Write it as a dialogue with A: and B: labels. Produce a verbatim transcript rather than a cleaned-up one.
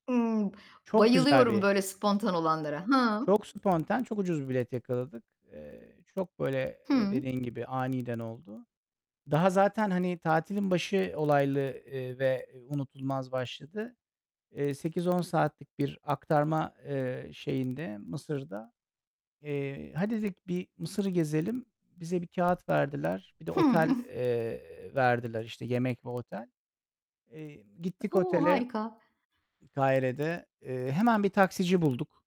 A: Imm!
B: Çok güzel
A: Bayılıyorum
B: bir
A: böyle spontan olanlara! Hıı!
B: çok sponten, çok ucuz bir bilet yakaladık. Eee, çok böyle, eee,
A: Hı.
B: dediğin gibi aniden oldu. Daha zaten, hani, tatilin başı olaylı, eee, ve unutulmaz başladı. Eee, sekiz on saatlik bir aktarma, eee, şeyinde Mısır'da. Eee, hadi, dedik, bir Mısır'ı gezelim. Bize bir kâğıt verdiler. Bir de
A: Hı.
B: otel, eee, verdiler, işte, yemek ve otel. Eee, gittik
A: O,
B: otele, ııı,
A: harika!
B: Kahire'de. Eee, hemen bir taksici bulduk.